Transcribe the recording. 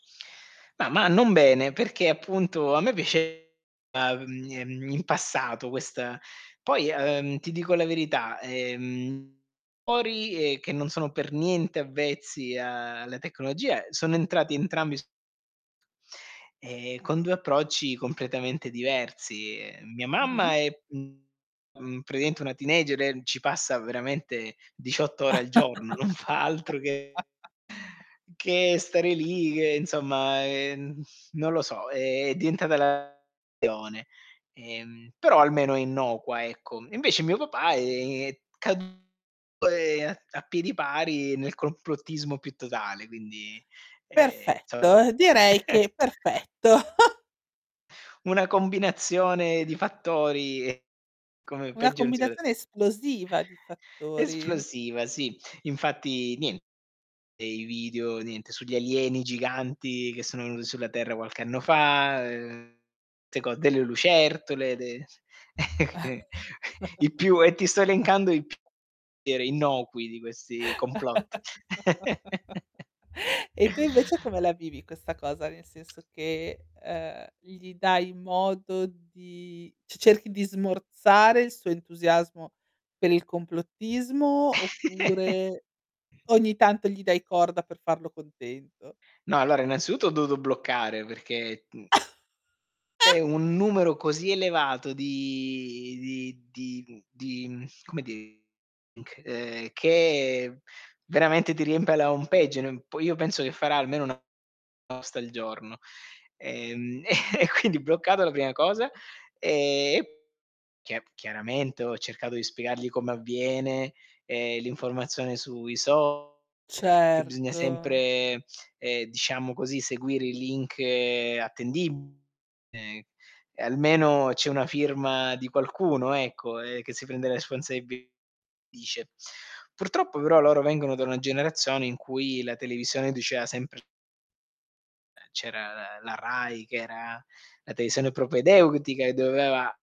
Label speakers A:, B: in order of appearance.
A: Ma ma non bene, perché appunto a me piaceva, mhmm, ehm, in passato questa poi, ehm, ti dico la verità, ehm, [unintelligible] ehm, che non sono per niente avvezzi a alla tecnologia, sono entrati entrambi s e con 2 approcci completamente diversi, ehm, mia
B: Mh-mh.
A: mamma è mhmm praticamente una teenager e ci passa veramente 18 ore al giorno, non fa altro che che stare lì, che insomma, ehm, non lo so, è diventata la [unintelligible] ehm, però almeno è innocua, ecco. Invece mio papà è caduto, ehm, a piedi pari nel complottismo più totale, quindi ehm [unintelligible]
B: Perfetto, direi che perfetto.
A: Una combinazione di fattori e come
B: Una
A: peggio non si pote
B: combinazione esplosiva di fattori.
A: Esplosiva, sì. Infatti niente, dei video niente sugli alieni giganti che sono venuti sulla terra qualche anno fa, ehm, [unintelligible] delle lucertole, de i più e ti sto elencando i [unintelligible] innocui di questi complotti.
B: E tu invece come la vivi questa cosa? Nel senso che, ehm, gli dai modo di c cerchi di smorzare il suo entusiasmo per il complottismo oppure ogni tanto gli dai corda per farlo contento?
A: No, allora innanzitutto ho dovuto bloccare perché, mhmm è un numero così elevato di di di, mhmm, di, mhmm, come dire c che veramente ti riempie la home page, po io penso che farà almeno una una posta al giorno. Ehm e quindi bloccato la prima cosa e e chia chiaramente ho cercato di spiegargli come avviene, ehm, l'informazione sui social che bisogna
B: Certo.
A: sempre, ehm, diciamo così, seguire i link attendibili ehm, e almeno c'è una firma di qualcuno, ecco, eh, che si prende le responsabilità dice. Purtroppo però loro vengono da una generazione in cui la televisione diceva sempre ehm, c'era la la Rai che era la televisione propedeutica e doveva